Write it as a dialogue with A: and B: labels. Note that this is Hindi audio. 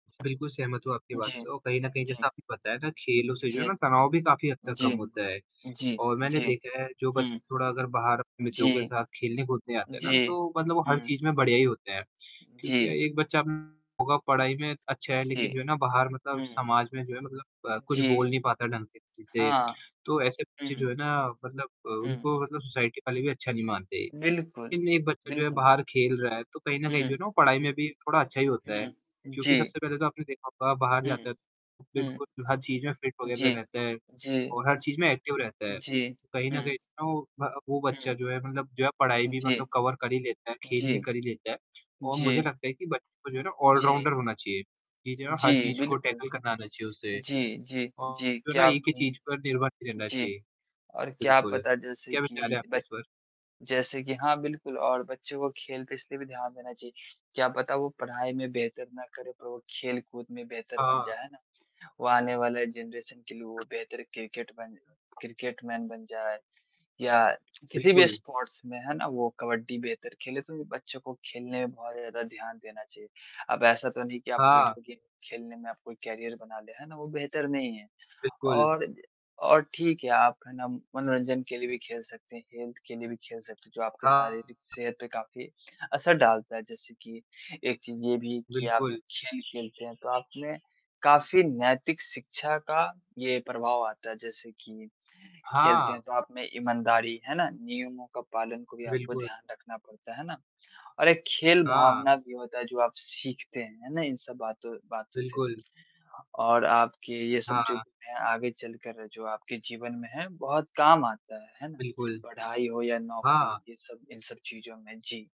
A: बिल्कुल सहमत हूँ आपकी बात
B: जी,
A: से और कहीं न कहीं
B: जी।
A: जैसा आपको पता है ना, खेलों से जो है
B: जी,
A: ना तनाव भी काफ़ी हद तक कम
B: जी,
A: होता है
B: जी,
A: और मैंने
B: जी।
A: देखा है जो
B: हुँ।
A: बच्चे थोड़ा अगर बाहर मित्रों के
B: जी,
A: साथ खेलने-कूदने आते हैं ना,
B: जी।
A: तो मतलब वो हर
B: हुँ।
A: चीज़ में बढ़िया ही होते हैं।
B: उ,
A: क्योंकि
B: जी।
A: एक बच्चा होगा पढ़ाई में अच्छा है
B: जी।
A: लेकिन जो है ना बाहर मतलब
B: हुँ।
A: समाज में जो है मतलब अ, कुछ बोल
B: जी।
A: नहीं पाता ढंग से किसी से।
B: हाँ।
A: तो ऐसे बच्चे
B: हुँ।
A: जो है ना मतलब
B: हुँ।
A: उनको मतलब सोसाइटी वाले भी अच्छा नहीं मानते।
B: बिल्कुल,
A: लेकिन एक बच्चा जो है
B: बिल्कुल।
A: बाहर खेल रहा है, तो कहीं न कहीं जो है
B: हुँ।
A: ना, पढ़ाई में भी थोड़ा अच्छा ही होता है।
B: हुँ,
A: क्योंकि
B: जी।
A: सबसे पहले तो आपने देखा होगा बाहर
B: हुँ,
A: जाता है, तो
B: हुँ।
A: बिल्कुल हर चीज़ में फिट वग़ैरह
B: जी,
A: रहता है
B: जी,
A: और हर चीज़ में एक्टिव रहता है।
B: जी,
A: कहीं न
B: हुँ।
A: कहीं वो भ वो बच्चा
B: हुँ।
A: जो है मतलब जो है, पढ़ाई भी
B: जी,
A: मतलब कवर कर ही लेता है, खेल भी
B: जी,
A: कर ही लेता है और मुझे
B: जी।
A: लगता है कि बच्चों को जो है ना
B: जी।
A: ऑल-राउंडर होना चाहिए कि जो है ना हर
B: जी,
A: चीज़ को
B: बिल्कुल,
A: टैकल करना आना चाहिए उसे
B: जी, जी,
A: और
B: जी।
A: जो है ना,
B: क्या
A: एक ही
B: हूँ,
A: चीज़ पर निर्भर नहीं रहना
B: जी।
A: चाहिए।
B: और क्या
A: बिल्कुल,
B: पता जैसे
A: क्या विचार है
B: कि
A: आपके
B: ब
A: इस पर?
B: जैसे कि हाँ बिल्कुल और बच्चों को खेल पे इसलिए भी ध्यान देना चाहिए। क्या पता वो पढ़ाई में बेहतर ना करे पर वो खेल कूद में बेहतर बन
A: हाँ।
B: जाएँ है ना। वो आने वाले जनरेशन के लिए वो बेहतर, क्रिकेटमैन क्रिकेटमैन बन जाए या किसी भी
A: बिल्कुल।
B: स्पोर्ट्स में है ना, वो कबड्डी बेहतर खेले तो भी बच्चों को खेलने में बहुत ज़्यादा ध्यान देना चाहिए। अब ऐसा तो नहीं कि आप
A: हाँ।
B: वीडियो गेम खेलने में आप कोई करियर बना ले है ना, वो बेहतर नहीं है।
A: बिल्कुल।
B: और, और ठीक है आप है ना, मनोरंजन के लिए भी खेल सकते हैं, हेल्थ के लिए भी खेल सकते हैं। जो आपके
A: बिल्कुल।
B: शारीरिक सेहत पे काफ़ी असर डालता है। जैसे कि एक चीज ये भी कि आप
A: बिल्कुल।
B: खेल-खेलते हैं, तो आपने काफ़ी नैतिक शिक्षा का ये प्रभाव आता है। जैसे कि खेलते हैं,
A: हाँ।
B: तो आप में ईमानदारी है ना नियमों का पालन को भी आपको
A: बिल्कुल।
B: ध्यान रखना पड़ता है ना? और एक खेल
A: हाँ।
B: भावना भी होता है, जो आप सीखते हैं है ना, इन सब बातों बातों से।
A: बिल्कुल।
B: और आपके ये सब जो
A: हाँ।
B: आगे चलकर जो आपके जीवन में है बहुत काम आता है, है ना।
A: बिल्कुल।
B: पढ़ाई हो या नौकरी
A: हाँ।
B: ये सब इन सब चीज़ों में जी।